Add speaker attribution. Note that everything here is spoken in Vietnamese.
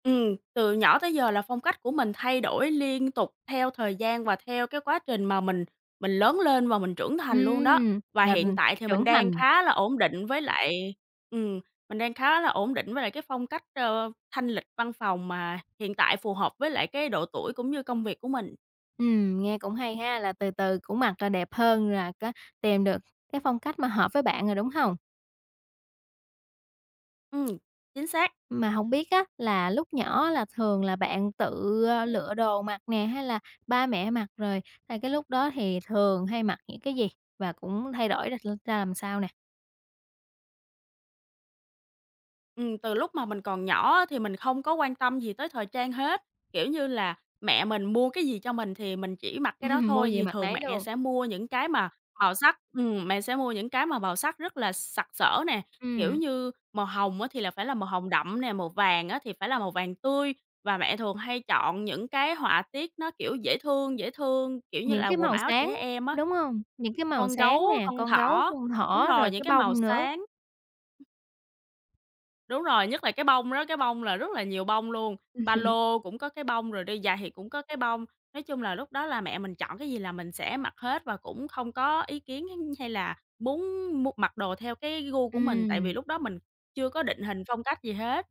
Speaker 1: Ừm, từ nhỏ tới giờ là phong cách của mình thay đổi liên tục theo thời gian và theo cái quá trình mà mình mình lớn lên và mình trưởng thành luôn đó.
Speaker 2: Ừm,
Speaker 1: Và
Speaker 2: ng
Speaker 1: hiện
Speaker 2: ừm,
Speaker 1: tại thì mình
Speaker 2: trưởng
Speaker 1: đang
Speaker 2: thành.
Speaker 1: khá là ổn định với lại ừm, mình đang khá là ổn định với lại cái phong cách, ờ, thanh lịch văn phòng mà hiện tại phù hợp với lại cái độ tuổi cũng như công việc của mình.
Speaker 2: Ừm, nghe cũng hay ha, là từ từ cũng mặc là đẹp hơn, là có tìm được cái phong cách mà hợp với bạn rồi, đúng hông?
Speaker 1: Ừm, chính xác.
Speaker 2: Mà hông biết á là lúc nhỏ á là thường là bạn tự lựa đồ mặc nè hay là ba mẹ mặc rồi, à, cái lúc đó thì thường hay mặc những cái gì và cũng thay đổi ra r ra làm sao nè?
Speaker 1: Ừm, từ lúc mà mình còn nhỏ á thì mình không có quan tâm gì tới thời trang hết. Kiểu như là, mẹ mình mua cái gì cho mình thì mình chỉ mặc cái đó
Speaker 2: Ừm, mua
Speaker 1: thôi
Speaker 2: gì
Speaker 1: thì
Speaker 2: mặc
Speaker 1: thường
Speaker 2: nấy
Speaker 1: mẹ
Speaker 2: luôn.
Speaker 1: sẽ mua những cái mà màu sắc. Ừm, mẹ sẽ mua những cái mà màu sắc rất là sặc sỡ nè, kiểu
Speaker 2: Ừm.
Speaker 1: như, màu hồng á thì là phải là màu hồng đậm nè, màu vàng á thì phải là màu vàng tươi và mẹ thường hay chọn những cái họa tiết nó, kiểu, dễ thương, dễ thương, kiểu như
Speaker 2: Những
Speaker 1: là,
Speaker 2: cái
Speaker 1: quần
Speaker 2: màu
Speaker 1: áo
Speaker 2: sáng,
Speaker 1: trẻ em á,
Speaker 2: đúng hông? Những cái màu
Speaker 1: con
Speaker 2: sáng
Speaker 1: gấu,
Speaker 2: nè,
Speaker 1: con
Speaker 2: con gấu,
Speaker 1: thỏ,
Speaker 2: con
Speaker 1: đúng
Speaker 2: thỏ,
Speaker 1: rồi,
Speaker 2: rồi
Speaker 1: những
Speaker 2: cái
Speaker 1: cái màu
Speaker 2: bông nữa.
Speaker 1: sáng. Đúng rồi, nhất là cái bông đó, cái bông là rất là nhiều bông luôn, ba lô cũng có cái bông rồi đi giày thì cũng có cái bông. Nói chung là lúc đó là mẹ mình chọn cái gì là mình sẽ mặc hết và cũng không có ý kiến kiến, hay là muốn mua mặc đồ theo cái gu của mình, tại vì
Speaker 2: Ừm.
Speaker 1: lúc đó mình chưa có định hình phong cách gì hết.